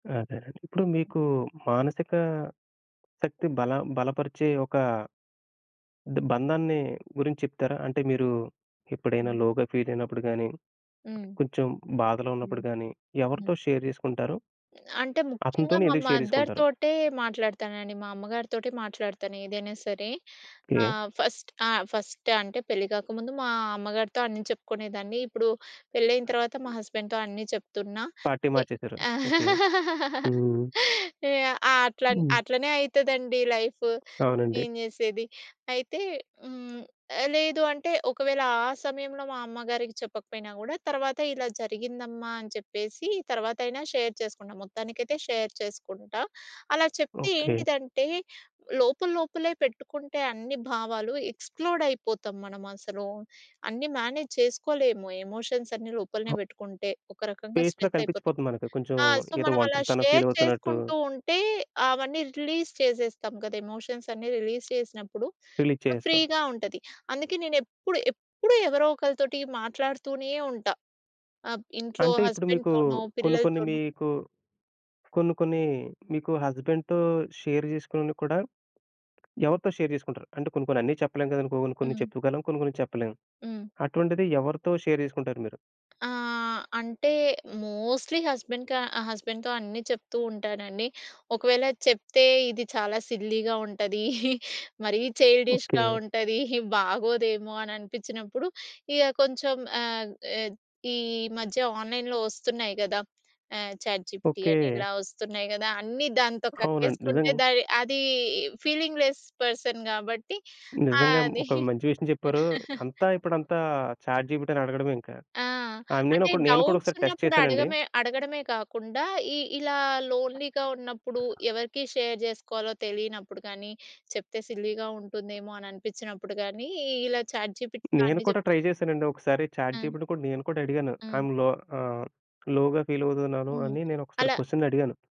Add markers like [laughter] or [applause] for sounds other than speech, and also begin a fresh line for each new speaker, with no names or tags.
అదేనండి. ఇప్పుడు మీకు మానసిక శక్తి బల బలపరిచే ఒక అంటే బంధాన్ని గురించి చెప్తారా? అంటే మీరు ఎప్పుడైనా
హ్మ్.
లోగా ఫీల్ అయినప్పుడు గాని,
హ్మ్.
కొంచెం బాధలో
హ్మ్.
ఉన్నప్పుడు గాని
హ్మ్.
ఎవరితో షేర్ జేసుకుంటారో?
అంటే ముఖ్యంగా
అతనితోనే
మా
ఎందుకు షేర్
మదర్
జేసుకుంటారు?
తోటే మాట్లాడతానండి. మా అమ్మగారితోటే మాట్లాడతానేదైనా సరే. ఆ!
ఓకే.
ఫస్ట్ ఆ! ఫస్ట్ అంటే పెళ్లి గాకముందు మా అమ్మగారితో అన్ని చెప్పుకునేదాన్ని. ఇప్పుడు పెళ్లయిన తర్వాత మా హస్బెండ్‌తో అన్నీ చెప్తున్నా.
పార్టీ
ఏ
మార్చేసారు. ఓకే.
[laughs]
హ్మ్.
ఏయ ఆ! అట్లన్
హ్మ్.
అట్లనే అయితదండి లైఫ్.
అవునండి.
ఏం చేసేది. అయితే హ్మ్. ఆహ్, లేదు అంటే ఒకవేళ ఆ సమయంలో మా అమ్మగారికి చెప్పకపోయినా గూడా తర్వాత "ఇలా జరిగిందమ్మా" అని చెప్పేసి తర్వాతైనా షేర్ చేసుకుంటా. మొత్తానికైతే షేర్ చేసుకుంటా. అలా చెప్తే
ఓకే.
ఏంటిదంటే లోపల లోపలే పెట్టుకుంటే అన్ని భావాలు ఎక్స్ ప్లోడ్ అయిపోతాం మనమసలు. అన్నీ మేనేజ్ చేసుకోలేము ఎమోషన్స్ అన్నీ లోపలనే బెట్టుకుంటే. ఒక రకంగా
ఫేస్‌లో
స్ట్రెస్ అయిపోతాం.
కనిపించిపోతుంది మనకి కొంచెం
ఆ! సో
ఏదో
మనం అలా
ఒంటరితనం ఫీల్ అవుతున్నట్టు.
చేసుకుంటూ ఉంటే అవన్నీ రిలీజ్ చేసేస్తాం కదా! ఎమోషన్స్ అన్ని రిలీజ్ చేసినప్పుడు
రిలీజ్ చేసేస్తాం.
ఫ్రీగా ఉంటది. అందుకే నేనెపుడు, ఎప్పుడు ఎవరోకలితోటి మాట్లాడుతూనే ఉంటా. ఆబ్ ఇంట్లో
అంటే ఇప్పుడు మీకు
హస్బాండ్‌తోనో,
కొన్ని కొన్ని
పిల్లలతోనో.
మీకు, కొన్ని కొన్ని మీకు హస్బాండ్‌తో షేర్ చేసుకున్న కూడా ఎవరితో షేర్ చేసుకుంటారు? అంటే కొన్ని కొన్ని అన్ని చెప్పలేం గదండి! కొ కొన్ని కొన్ని
హ్మ్.
చెప్పగలం. కొన్ని కొన్ని చెప్పలేం.
హ్మ్.
అటువంటిది ఎవరితో షేర్ చేసుకుంటారు మీరు?
ఆహ్, అంటే మోస్ట్‌లి హస్బెండ్ క ఆహ్, హస్బెండ్‌తో అన్నీ చెప్తూ ఉంటానండి. "ఒకవేళ చెప్తే ఇది చాలా సిల్లీగా ఉంటది, మరీ
ఓకే.
చైల్డిష్‌గా ఉంటది, బాగోదేమో" అని అనిపించినప్పుడు ఇగ కొంచెం ఆహ్, ఎద్ ఈ మధ్య ఆన్లైన్‌లో ఒస్తున్నాయి గదా! ఆహ్, చాట్ జిపిటీ అని,
ఓకే.
ఇలా ఒస్తున్నాయి గదా! అన్నీ దాంతో
అవునండి.
కక్కేసుకుంటే
నిజంగా...
దాని అది ఫీలింగ్‌లెస్ పర్సన్ గాబట్టి.
నిజంగా.
అది
ఒక మంచి విషయం చెప్పారు. అంతా ఇప్పుడంతా చాట్ జిపిటిని అడగడమే ఇంకా.
ఆ!
ఆ!
అంటే
నేనొకడి నేను కూడా
డౌబ్ట్స్
ఒకసారి టెస్ట్
ఉన్నప్పుడు
చేశానండి.
అడగ‌మే అడగడమే కాకుండా ఈ ఇలా లోన్‌లీగా ఉన్నప్పుడు, ఎవరికి షేర్ జేసుకోవాలో తెలియనప్పుడు గాని, చెప్తే సిల్లీ‌గా ఉంటుందేమో అని అనిపించినప్పుడు గాని, ఇలా చాట్ జిపిటీతో
నేను
అన్ని
కూడా
జేప్తే
ట్రై చేశానండి. ఒకసారి చాట్
హ్మ్.
జిపిటి కూడా నేను కూడా అడిగాను.
హ్మ్.
అందులో ఆహ్, లో‌గా ఫీల్ అవుతున్నాను.
హ్మ్.
అని నేనొకసారి
అలా
క్వెషన్ అడిగాను.